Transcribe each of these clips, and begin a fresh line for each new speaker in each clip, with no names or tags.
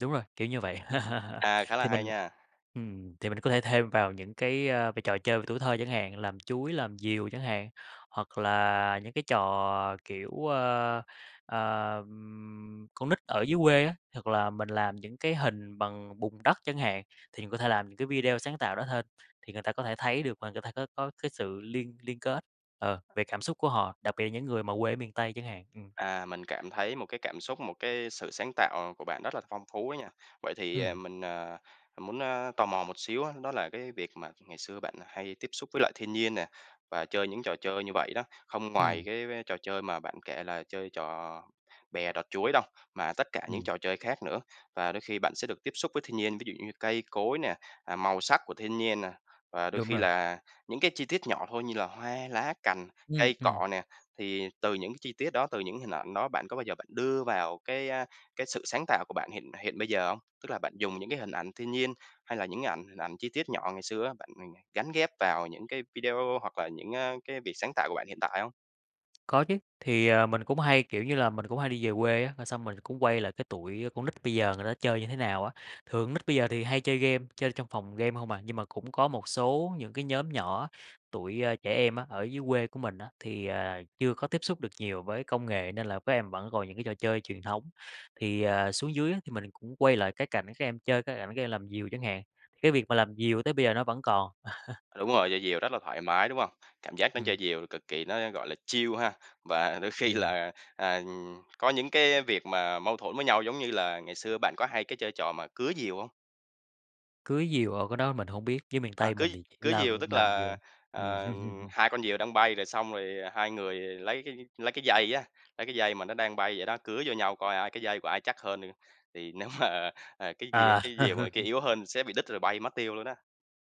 Đúng rồi, kiểu như vậy.
À, khá là
Thì
hay
mình
nha!
ừm, thì mình có thể thêm vào những cái, ơ, v trò chơi về tuổi thơ chẳng hạn, làm chuối, làm diều chẳng hạn, hoặc là những cái trò, kiểu, ơ, ờm, con nít ở dưới quê á, hoặc là mình làm những cái hình bằng bùn đất chẳng hạn. Thì mình có thể làm những cái video sáng tạo đó thêm, thì người ta có thể thấy được và người ta có có cái sự liên liên kết, ờ, về cảm xúc của họ, đặc biệt là những người mà quê ở miền Tây chẳng hạn. Ừm.
À, mình cảm thấy một cái cảm xúc, một cái sự sáng tạo của bạn rất là phong phú á nha. Vậy thì, à,
Ừm.
mình, à, muốn, ơ, tò mò một xíu á, đó là cái việc mà ngày xưa bạn hay tiếp xúc với lại thiên nhiên nè, và chơi những trò chơi như vậy đó, không ngoài
Ừm.
cái cái trò chơi mà bạn kể là chơi trò bè đọt chuối đâu, mà tất cả những
Ừm.
trò chơi khác nữa, và đôi khi bạn sẽ được tiếp xúc với thiên nhiên, ví dụ như cây cối nè, à, màu sắc của thiên nhiên nè, và đôi
Đúng
khi
rồi.
là những cái chi tiết nhỏ thôi như là hoa lá cành,
Ừm.
cây
Ừm.
cỏ nè, thì từ những cái chi tiết đó, từ những hình ảnh đó bạn có bao giờ bạn đưa vào cái, a, cái sự sáng tạo của bạn hiện hiện bây giờ không? Tức là bạn dùng những cái hình ảnh thiên nhiên, hay là những cái ảnh hình ảnh chi tiết nhỏ ngày xưa á, bạn, ừm, gán ghép vào những cái video hoặc là những, ơ, cái việc sáng tạo của bạn hiện tại hông?
Có chứ, thì, à, mình cũng hay, kiểu như là, mình cũng hay đi về quê á, rồi xong mình cũng quay lại cái tụi, a, con nít bây giờ người ta chơi như thế nào á, thường con nít bây giờ thì hay chơi game, chơi trong phòng game hông à. Nhưng mà cũng có một số những cái nhóm nhỏ, tụi, ơ, trẻ em á, ở dưới quê của mình á, thì, à, chưa có tiếp xúc được nhiều với công nghệ nên là các em vẫn còn những cái trò chơi truyền thống, thì, ờ, xuống dưới á thì mình cũng quay lại cái cảnh các em chơi, cái cảnh các em làm diều chẳng hạn, cái việc mà làm diều tới bây giờ nó vẫn còn.
Đúng rồi, chơi diều rất là thoải mái, đúng hông? Cảm giác nó chơi
Ừm.
diều cực kỳ nó, gọi là, chill ha. Và đôi khi
Ừm.
là, à, có những cái việc mà mâu thuẫn với nhau, giống như là ngày xưa bạn có hay cái chơi trò mà cứa diều hông?
Cứa diều, ồ, cái đó mình hổng biết, dưới miền
Ờ,
Tây
cứa
mình thì chỉ
cứa
làm
diều tức
làm diều.
là, ờ, hai con diều đang bay rồi xong rồi hai người lấy cái lấy cái dây á lấy cái dây mà nó đang bay vậy đó cứa vô nhau coi ai cái dây của ai chắc hơn, thì nếu mà, à, ờ, cái diều
À.
cái diều mà người kia yếu hơn sẽ bị đứt rồi bay mất tiêu luôn á.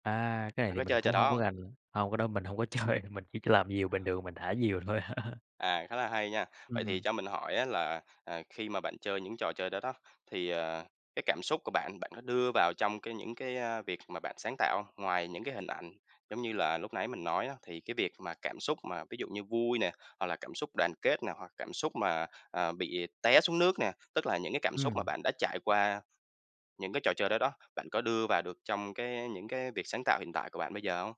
À. Cái này
Bạn
thì
có
mình
chơi trò
cũng
đó
hông có
hông?
rành lắm. Hông cái đó mình hông có chơi, mình chỉ làm diều bình thường mình thả diều thôi.
À, khá là hay nha. Vậy thì
Ừm.
cho mình hỏi á là, ờ, khi mà bạn chơi những trò chơi đó đó, thì, ờ, cái cảm xúc của bạn bạn có đưa vào trong cái những cái, ơ, việc mà bạn sáng tạo hông? Ngoài những cái hình ảnh, giống như là lúc nãy mình nói á, thì cái việc mà cảm xúc mà ví dụ như vui nè, hoặc là cảm xúc đoàn kết nè, hoặc cảm xúc mà, à, bị té xuống nước nè, tức là những cái cảm xúc mà
Ừm.
bạn đã trải qua, những cái trò chơi đó đó, bạn có đưa vào được trong cái, a, những cái việc sáng tạo hiện tại của bạn bây giờ hông?